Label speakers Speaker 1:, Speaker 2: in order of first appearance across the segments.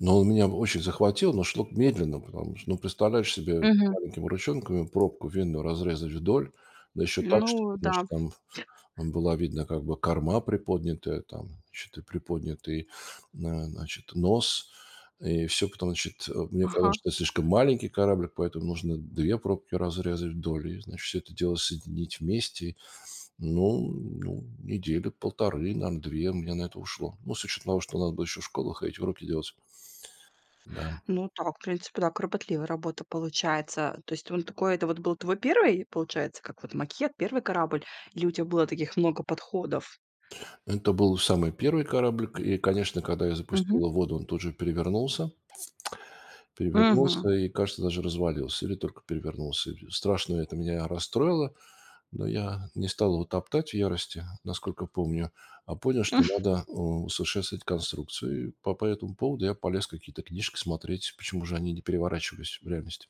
Speaker 1: Но он меня очень захватил, но шло медленно. Потому что, ну, представляешь себе,
Speaker 2: Мгм.
Speaker 1: маленькими ручонками пробку винную разрезать вдоль, да еще так, чтобы,
Speaker 2: Ну да.
Speaker 1: значит, там вот была видна как бы корма приподнятая там, значит, и приподнятый, а, значит, нос. И всё, потом, значит, э, мне казалось,
Speaker 2: Ага.
Speaker 1: что это слишком маленький кораблик, поэтому нужно 2 пробки разрезать вдоль, и значит, всё это дело соединить вместе. Ну, ну недели 1,5, наверно, 2 у меня на это ушло. Ну, с учетом того, что надо было еще в школу ходить, уроки делать. Да.
Speaker 2: Ну так, в принципе, да, кропотливая работа получается. То есть он такой, это вот был твой 1, получается, как вот макет, 1 корабль или у тебя было таких много подходов?
Speaker 1: Это был самый 1 кораблик. И, конечно, когда я запустил
Speaker 2: Мгм.
Speaker 1: его в воду, он тут же перевернулся.
Speaker 2: Мгм.
Speaker 1: Перевернулся и, кажется, даже развалился или только перевернулся и страшно это меня расстроило. Но я не стал его топтать в ярости, насколько помню, а понял что надо усовершенствовать конструкцию и по по этому поводу я полез какие-то книжки смотреть, почему же они не переворачивались в реальности.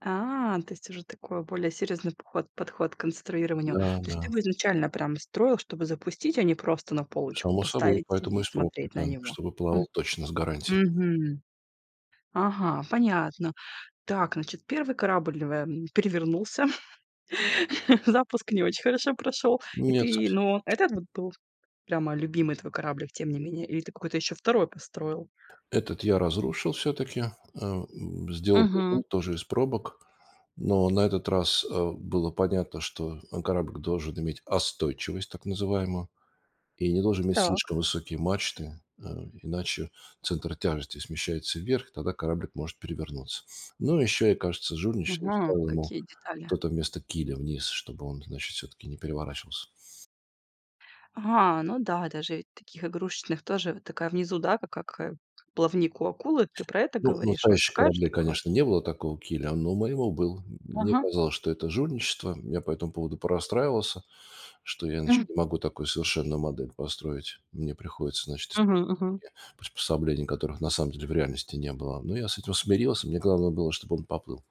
Speaker 2: А, то есть уже такой более серьёзный поход подход к конструированию.
Speaker 1: Да,
Speaker 2: То есть ты
Speaker 1: да.
Speaker 2: бы изначально прям строил, чтобы запустить, а не просто на полочку
Speaker 1: Само собой,
Speaker 2: поставить
Speaker 1: поэтому
Speaker 2: и
Speaker 1: из пробки
Speaker 2: смотреть на
Speaker 1: там
Speaker 2: него,
Speaker 1: чтобы
Speaker 2: м.
Speaker 1: плавал точно с гарантией.
Speaker 2: Мгм. Ага, понятно. Так, значит, 1 корабль в, эм, перевернулся, запуск не очень хорошо прошёл. И
Speaker 1: Нет,
Speaker 2: ты,
Speaker 1: совсем
Speaker 2: но этот
Speaker 1: [unintelligible]
Speaker 2: вот был прямо любимый твой кораблик, тем не менее. Или ты какой-то ещё 2 построил?
Speaker 1: Этот я разрушил всё-таки. Эм, сделал
Speaker 2: Мгм.
Speaker 1: другой тоже из пробок. Но на этот раз, э, было понятно, что мой кораблик должен иметь остойчивость, так называемую, и не должен иметь
Speaker 2: Так.
Speaker 1: слишком высокие мачты, э, иначе центр тяжести смещается вверх, и тогда кораблик может перевернуться. Ну и еще, я кажется, жульничал,
Speaker 2: Мгм,
Speaker 1: ставил ему
Speaker 2: какие детали.
Speaker 1: что-то вместо киля вниз, чтобы он, значит, всё-таки не переворачивался.
Speaker 2: А, ну да, даже ведь таких игрушечных тоже вот такая внизу, да, как, а, как как плавник у акулы, ты про это
Speaker 1: Ну, у
Speaker 2: говоришь, вот
Speaker 1: настоящих
Speaker 2: такая
Speaker 1: кораблей,
Speaker 2: штука?
Speaker 1: конечно, не было такого киля, но у моего был. М мне
Speaker 2: Ага.
Speaker 1: казалось, что это жульничество. Я по этому поводу порастраивался, что я,
Speaker 2: М.
Speaker 1: значит, не могу такую совершенную модель построить. Мне приходится, значит, использовать
Speaker 2: Мгм. Мгм.
Speaker 1: такие приспособления, которых на самом деле в реальности не было. Но я с этим смирился, мне главное было, чтоб он поплыл.